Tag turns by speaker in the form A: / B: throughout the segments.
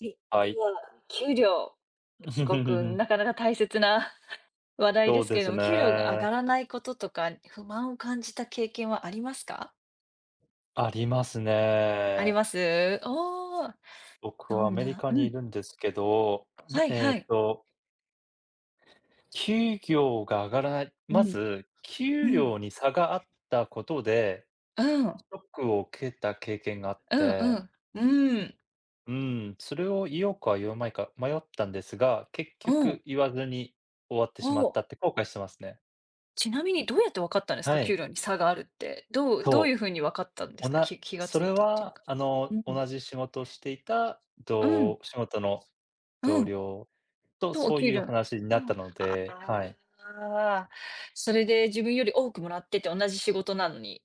A: し、
B: は
A: で
B: い。
A: は、給料すごく なかなか大切な 話題
B: そ
A: で
B: う
A: すけ
B: で
A: れ
B: す
A: ども、給料が上が
B: ね。
A: らないこととか、不満を感じた経験はありますか？
B: あります
A: あり
B: ね。
A: ます？おお。
B: 僕
A: ど
B: はア
A: ん
B: メリ
A: な
B: カリカ
A: う
B: にい
A: ん。
B: るんですけど、な
A: はい
B: え
A: は
B: っ
A: い。
B: と給料が上がらない
A: う
B: ま
A: ん、
B: ず、
A: う
B: 給
A: ん。
B: 料に差があったことで、
A: うん。
B: ショックを受けた経験があっ
A: うんう
B: て。
A: ん。うん。
B: うん、それを言おうか言わまいか迷ったんですが、結
A: う
B: 局
A: ん。
B: 言わずに終わってし
A: お
B: まった
A: お。
B: って後悔してますね。
A: ちなみにどうやって分かったんですか？
B: はい。
A: 給料に差があるって。どうどういう
B: そう。
A: 風に分かったんで
B: お
A: すか？
B: な
A: き気が
B: そ
A: つ
B: れ
A: いたっていう
B: は
A: か。
B: あ
A: う
B: の、
A: ん。
B: 同じ仕事をしていた、
A: う
B: ど
A: ん。
B: 仕事の
A: う
B: 同
A: ん。
B: 僚と
A: と、お
B: そう
A: 給
B: いう
A: 料
B: 話にな
A: う
B: った
A: ん。
B: の
A: あ
B: ではい。
A: あ、それで自分より多くもらってて、同じ仕事なのに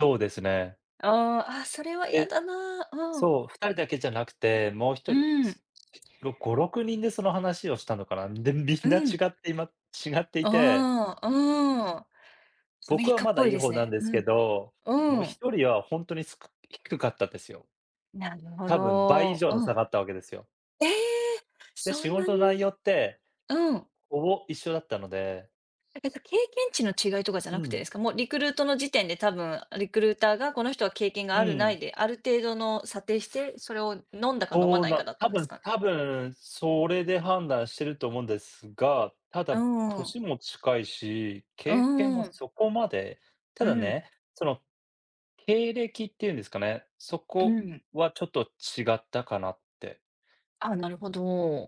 B: そうですね。
A: ああ、あ、それは嫌
B: で、
A: だな、うん。
B: そう、2人だけじゃなくて、もうひと
A: う
B: り、
A: ん。
B: すろ、5、6人でその話をしたのかな、でみ
A: う
B: んな違
A: ん。
B: っていま違っていて。
A: ああ、うん。アメ
B: 僕
A: リ
B: は
A: カっ
B: まだ
A: ぽい
B: いい
A: です
B: 方なん
A: ね。
B: です
A: う
B: け
A: ん。
B: ど、も
A: う
B: う
A: ん。
B: 1人はほんとにすく低かったですよ。
A: なるほ
B: 多分倍以
A: ど。
B: 上の
A: う
B: 差
A: ん。
B: があったわけですよ。
A: ええ、
B: で、
A: そ
B: 仕
A: んな
B: 事の内
A: に。
B: 容って、
A: うん。
B: ほぼ一緒だったので。
A: なんかやっぱ、経験値の違いとかじゃ
B: う
A: なくて
B: ん。
A: ですか？もうリクルートの時点で多分リクルーターがこの人は経験
B: う
A: があるな
B: ん。
A: いで、ある程度の査定して、それを飲んだか飲ま
B: そう
A: ないか
B: な
A: だっ
B: 多
A: たんです
B: 分
A: か？
B: 多分それで判断してると思うんですが、た
A: う
B: だ
A: ん。
B: 歳も近いし、経験も
A: うん。
B: そこまでた
A: う
B: だ
A: ん。
B: ね、その、経歴っていうんですかね、そ
A: う
B: こ
A: ん。
B: はちょっと違ったかなって。
A: ああ、なるほど。